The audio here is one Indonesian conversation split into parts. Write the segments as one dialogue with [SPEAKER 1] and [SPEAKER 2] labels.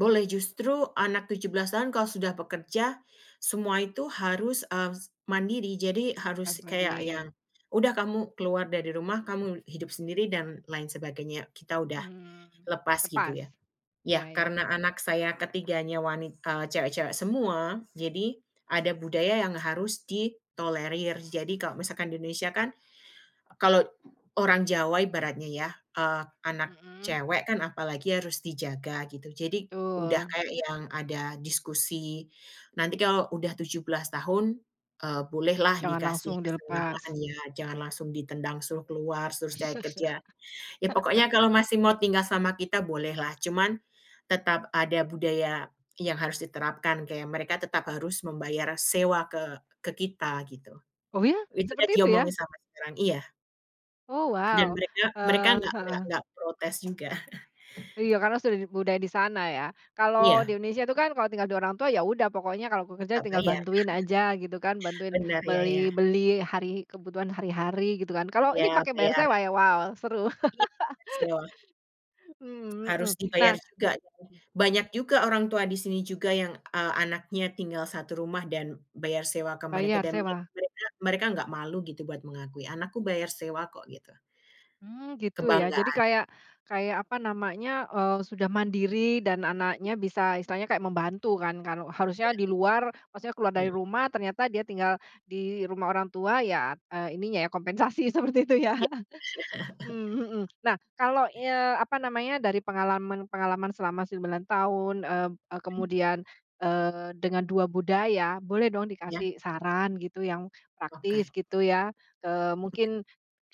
[SPEAKER 1] Boleh ,justru, anak 17 tahun kalau sudah bekerja, semua itu harus mmm, s mandiri. Jadi,
[SPEAKER 2] Ah,
[SPEAKER 1] harus kayak
[SPEAKER 2] mandiri.
[SPEAKER 1] ya, udah kamu keluar dari rumah, kamu hidup sendiri, dan lain sebagainya. Kita udah
[SPEAKER 2] Hmm.
[SPEAKER 1] lepas gitu,
[SPEAKER 2] Lepas?
[SPEAKER 1] ya. Ya,
[SPEAKER 2] Ya ya ya.
[SPEAKER 1] karena anak saya ketiganya wanit eee, cewek-cewek semua. Jadi, ada budaya yang harus ditolerir. Jadi, kalau misalkan di Indonesia kan, kalau orang Jawa ibaratnya, ya. Eee, anak
[SPEAKER 2] Heeh.
[SPEAKER 1] cewek kan, apalagi harus dijaga, gitu. Jadi, udah
[SPEAKER 2] Betul.
[SPEAKER 1] kayak yang ada diskusi, nanti kalau udah 17 tahun, eee, bolehlah
[SPEAKER 2] Jangan
[SPEAKER 1] dikasih
[SPEAKER 2] langsung
[SPEAKER 1] kesenggangan,
[SPEAKER 2] dilepas.
[SPEAKER 1] ya. Jangan langsung ditendang, suruh keluar, trus cari kerja. Ya pokoknya, kalau masih mau tinggal sama kita, boleh lah. Cuman, tetap ada budaya yang harus diterapkan. Kayak, mereka tetap harus membayar sewa ke ke kita gitu.
[SPEAKER 2] Oh ya?
[SPEAKER 1] Itu udah
[SPEAKER 2] Seperti itu,
[SPEAKER 1] diomongin
[SPEAKER 2] ya?
[SPEAKER 1] sama [unintelligible] iya.
[SPEAKER 2] Oh!
[SPEAKER 1] Dan
[SPEAKER 2] Wow.
[SPEAKER 1] mereka mereka
[SPEAKER 2] Eee,
[SPEAKER 1] enggak enggak
[SPEAKER 2] heeh.
[SPEAKER 1] enggak protes juga.
[SPEAKER 2] Iya. Karena sudah budaya di sana ya? Kalau di
[SPEAKER 1] Iya.
[SPEAKER 2] Indonesia itu kan, Kalau tinggal dengan orang tua, ya udah. Pokoknya kalau bekerja,
[SPEAKER 1] Tetap
[SPEAKER 2] tinggal
[SPEAKER 1] bayar.
[SPEAKER 2] bantuin aja, gitu kan? Bantuin
[SPEAKER 1] Benar, ya
[SPEAKER 2] beli
[SPEAKER 1] ya.
[SPEAKER 2] beli, hari kebutuhan hari-hari, gitu kan, kalau ini
[SPEAKER 1] Iya,
[SPEAKER 2] pakai bayar
[SPEAKER 1] bayar.
[SPEAKER 2] sewa ya? Wow. Seru.
[SPEAKER 1] [unintelligible]
[SPEAKER 2] Mmm, mhm.
[SPEAKER 1] Harus dibayar
[SPEAKER 2] Nah
[SPEAKER 1] juga. Banyak juga, orang tua di sini juga yang, eee, anaknya tinggal 1 rumah, dan bayar sewa ke mereka,
[SPEAKER 2] Bayar,
[SPEAKER 1] dan mereka
[SPEAKER 2] sewa?
[SPEAKER 1] mereka enggak malu, gitu. Buat mengakui, anakku bayar sewa kok, gitu.
[SPEAKER 2] Mmm. Gitu ya? Jadi
[SPEAKER 1] Kebanggaan.
[SPEAKER 2] kayak kayak apa namanya. Eee, sudah mandiri, dan anaknya bisa istilahnya, kayak membantu kan. Kalo
[SPEAKER 1] Iya,
[SPEAKER 2] harusnya di
[SPEAKER 1] bener.
[SPEAKER 2] luar, maksudnya keluar dari
[SPEAKER 1] Heeh.
[SPEAKER 2] rumah, ternyata dia tinggal di rumah orang tua, ya eee, ininya ya. Kompensasi seperti itu, ya?
[SPEAKER 1] Iya.
[SPEAKER 2] Mmm, mhm. Nah, kalau eee, apa namanya. Dari pengalaman-pengalaman selama 9 tahun, mmm eee,
[SPEAKER 1] Hmm.
[SPEAKER 2] kemudian, eee, dengan 2 budaya, boleh dong
[SPEAKER 1] Iya.
[SPEAKER 2] dikasih saran gitu. Yang praktis,
[SPEAKER 1] Oke.
[SPEAKER 2] gitu ya. Eee, mungkin,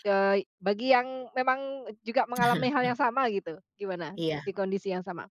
[SPEAKER 2] eee, bagi yang memang juga mengalami hal yang sama, gitu. Gimana?
[SPEAKER 1] Iya.
[SPEAKER 2] Di kondisi yang sama?